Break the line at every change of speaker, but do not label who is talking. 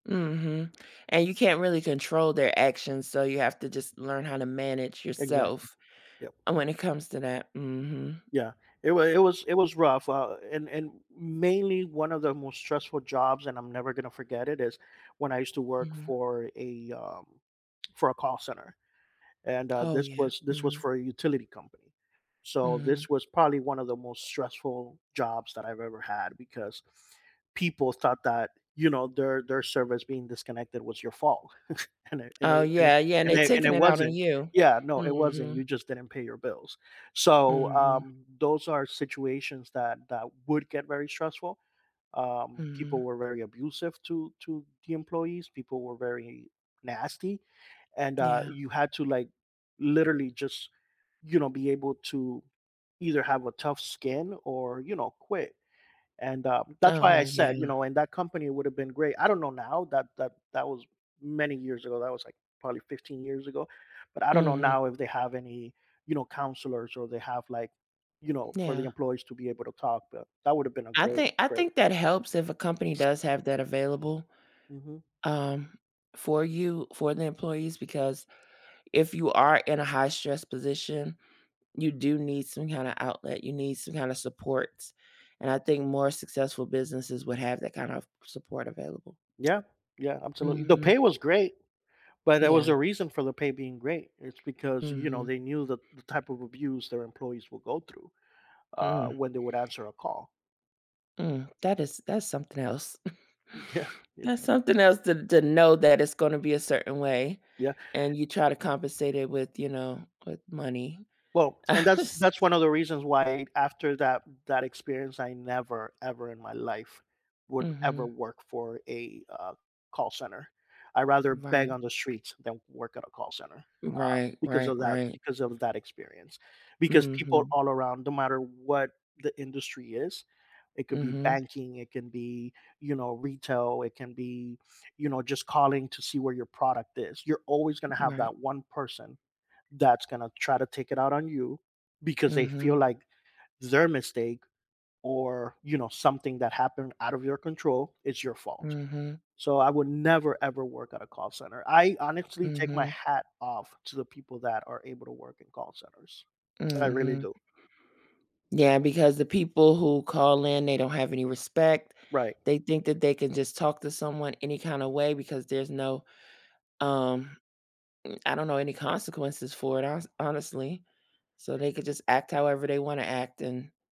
Mhm, and you can't really control their actions, so you have to just learn how to manage
Exactly,
yourself,
yup.
and when it comes to that, mhm.
Yeah, it wa it was it was rough, uh, and and mainly one of the most stressful jobs, and I'm never gonna forget it, is when I used to work
Mhm.
for a, um for a call center, and, uh,
Oh
this
yeah,
was this was
mhm.
for a utility company, so this
Mhm.
was probably one of the most stressful jobs that I've ever had because people thought that, you know, their their service being disconnected was your fault. And it and it
Oh
and
yeah, yeah, and
and
they
it and
taking
it
it out on
wasn't,
you.
yeah, no, it wasn't, you
Mhm.
just didn't pay your bills, so,
Mhm.
um, those are situations that that would get very stressful, um, people
Mhm
were very abusive to to the employees, people were very nasty, and, uh,
Yeah.
you had to, like, literally just, you know, be able to either have a tough skin or, you know, quit and, uh, that's why I
Oh,
said, you know,
yeah.
and that company would've been great, I don't know now, that that that was many years ago, that was like, probably 15 years ago, but I don't know
Mhm
now if they have any, you know, counselors or they have like, you know, for the
Yeah.
employees to be able to talk, but that would have been a
I
great,
think I
great
think that helps if a company does have that available,
Mhm.
um, for you, for the employees, because if you are in a high stress position, you do need some kinda outlet, you need some kinda supports, and I think more successful businesses would have that kind of support available.
Yeah, yeah, absolutely, the
Mhm.
pay was great, but there was
Yeah.
a reason for the pay being great, it's because, you know,
Mhm.
they knew that the type of abuse their employees will go through, uh,
Mm.
when they would answer a call.
Mm, that is that's something else.
Yeah, it's
That's something else to to know that it's gonna be a certain way
Yeah
and you try to compensate it with you know, with money.
Well, and that's that's one of the reasons why after that that experience, I never ever in my life would ever
Mhm.
work for a, uh, call center. I'd rather beg
Right.
on the streets than work at a call center, uh,
Right,
because
right,
of that
right.
because of that experience, because people
Mhm.
all around, no matter what the industry is, it could be
Mhm
banking, it can be, you know, retail, it can be, you know, just calling to see where your product is, you're always gonna have
Right.
that 1 person that's gonna try to take it out on you because they feel
Mhm.
like their mistake or, you know, something that happened out of your control, is your fault.
Mhm.
So, I would never ever work at a call center, I honestly take my
Mhm.
hat off to the people that are able to work in call centers. I really
Mhm.
do.
Yeah, because the people who call in, they don't have any respect.
Right.
They think that they can just talk to someone any kinda way because there's no, um, m I don't know any consequences for it, hones honestly, so they could just act however they wanna act and